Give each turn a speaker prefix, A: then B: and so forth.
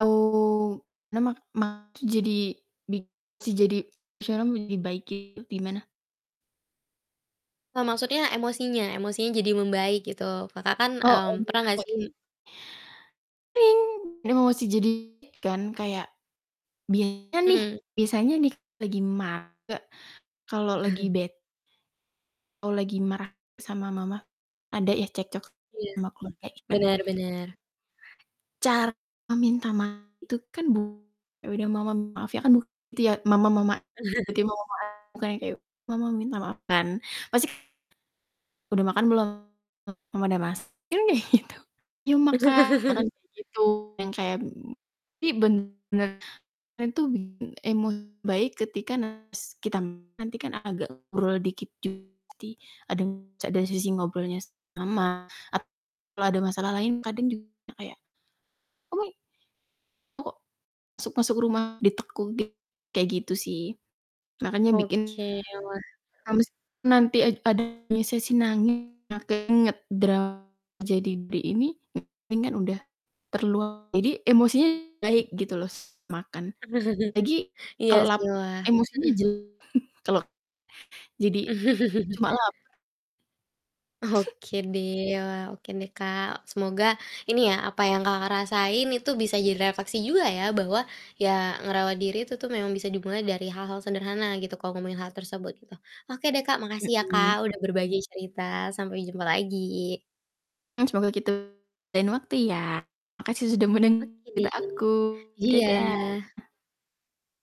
A: Au. Mema ma jadi bisa jadi [unintelligible] gimana?
B: Eee, maksudnya emosinya, emosinya jadi membaik gitu. Kakak kan,
A: Oh,
B: mmm, pernah
A: [unintelligible]
B: gak sih?
A: oke. Emosi jadi kan kayak biasanya nih
B: Mhm.
A: biasanya nih lagi [unintelligible] kalau lagi bet Kalau lagi marah sama mama, ada ya cekcok
B: Iya,
A: sama keluarga ya.
B: bener bener.
A: Cara meminta maaf itu kan bukan ya udah mama maaf ya kan bukan gitu ya, mama mama [unintelligible] bukan yang kayak, "Mama minta maaf," kan, pasti [unintelligible] "Udah makan belum?" Mama udah masak paling kayak gitu. "Yuk makan," paling kayak gitu, yang kayak [unintelligible] bener itu tuh bikin emo baik ketika nas kita nanti kan agak ngobrol dikit juga [unintelligible] ada sisi ngobrolnya [unintelligible] sama atau ada masalah lain kadang juga kayak [unintelligible] kok suk masuk rumah ditekuk [unintelligible] kayak gitu sih, makanya bikin
B: Oke, wah.
A: [unintelligible] nanti ada sesi nangis [unintelligible] jadi di ini [unintelligible] udah terluang jadi emosinya baik gitu loh, terus makan lagi
B: Iya
A: kalau
B: sih,
A: lapar
B: wah
A: emosinya.
B: mhm.
A: [unintelligible] Jadi cuma lapar.
B: Oke deh ya, oke deh, Kak, semoga ini ya, apa yang, Kakak, rasain itu bisa jadi refleksi juga ya. Bahwa ya ngerawat diri itu tuh memang bisa dimulai dari hal-hal sederhana gitu kalau ngomongin hal tersebut, gitu. Oke deh, Kak, makasih ya, Kak,
A: Mhm.
B: udah berbagai cerita, sampai jumpa lagi!
A: Semoga kita di lain waktu ya. Makasih sudah mendeng
B: Oke, deh
A: cerita aku,
B: iya.
A: dadah!